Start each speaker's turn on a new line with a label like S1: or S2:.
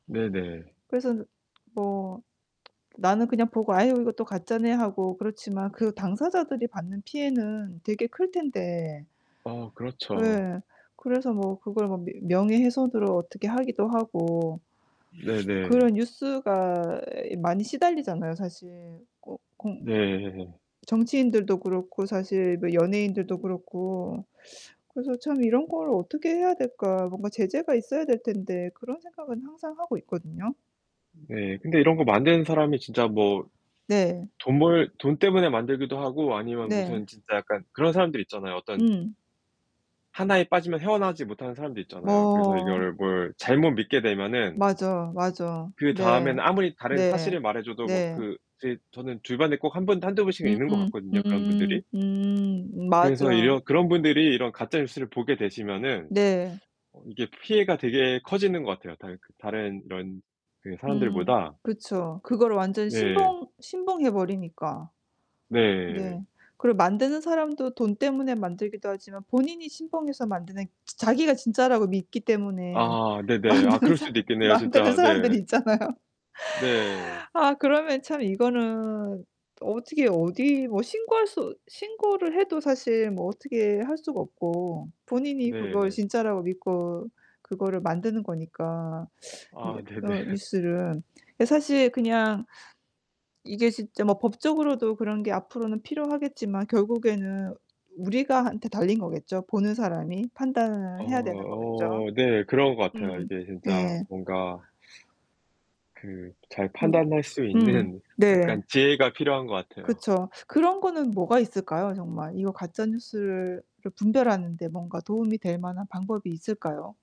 S1: 네네.
S2: 그래서 뭐 나는 그냥 보고 '아유 이것도 가짜네.' 하고 그렇지만 그 당사자들이 받는 피해는 되게 클 텐데.
S1: 어 그렇죠.
S2: 예. 그래서 뭐 그걸 뭐 며 명예훼손으로 어떻게 하기도 하고.
S1: 네네.
S2: 그런 뉴스가 많이 시달리잖아요 사실. 꼭 공
S1: 네.
S2: 정치인들도 그렇고 사실 뭐 연예인들도 그렇고 그래서 참 '이런 걸 어떻게 해야 될까? 뭔가 제재가 있어야 될 텐데.' 그런 생각은 항상 하고 있거든요.
S1: 네 근데 이런 거 만드는 사람이 진짜 뭐
S2: 네.
S1: 돈 벌 돈 때문에 만들기도 하고 아니면
S2: 네.
S1: 무슨 진짜 약간 그런 사람들 있잖아요. 어떤
S2: 음.
S1: 하나에 빠지면 헤어 나오지 못하는 사람도 있잖아요. 그래서
S2: 뭐
S1: 이걸 뭘 잘못 믿게 되면은
S2: 맞아, 맞아.
S1: 그다음에는
S2: 네.
S1: 아무리 다른
S2: 네.
S1: 사실을 말해줘도 뭐
S2: 네.
S1: 그 제 저는 주변에 꼭 1 분, 1-2 분씩은
S2: 음음
S1: 있는 것 같거든요, 그런
S2: 음음음
S1: 분들이.
S2: 음음 음.
S1: 그래서
S2: 맞아.
S1: 이런 그런 분들이 이런 가짜 뉴스를 보게 되시면은
S2: 네.
S1: 어 이게 피해가 되게 커지는 것 같아요, 다 그 다른 이런 그
S2: 음
S1: 사람들보다.
S2: 그쵸. 그거를 완전
S1: 네.
S2: 신봉 신봉해버리니까.
S1: 네.
S2: 네. 그리고 만드는 사람도 돈 때문에 만들기도 하지만 본인이 신봉해서 만드는 자 자기가 진짜라고 믿기 때문에
S1: 아. 네네. 아
S2: 만드는
S1: 그럴
S2: 사
S1: 수도 있겠네요,
S2: 만드는
S1: 진짜.
S2: 사람들이
S1: 네.
S2: 있잖아요.
S1: 네.
S2: 아 그러면 참 이거는 어떻게 어디 뭐 신고할 수 신고를 해도 사실 뭐 어떻게 할 수가 없고 본인이 그걸
S1: 네.
S2: 진짜라고 믿고 그거를 만드는 거니까 뉴
S1: 아
S2: 어
S1: 네네.
S2: 뉴스를. 이게 사실 그냥 이게 진짜 뭐 법적으로도 그런 게 앞으로는 필요하겠지만 결국에는 우리가 한테 달린 거겠죠. 보는 사람이
S1: 어
S2: 판단을 해야 되는 거겠죠.
S1: 어 네. 그런 것 같아요.
S2: 음.
S1: 이게 진짜
S2: 예.
S1: 뭔가 그 잘
S2: 음
S1: 판단할 수
S2: 음.
S1: 있는
S2: 네.
S1: 약간 지혜가 필요한 것 같아요.
S2: 그쵸. 그런 거는 뭐가 있을까요, 정말? 이거 가짜 뉴스를 를 분별하는데 뭔가 도움이 될 만한 방법이 있을까요?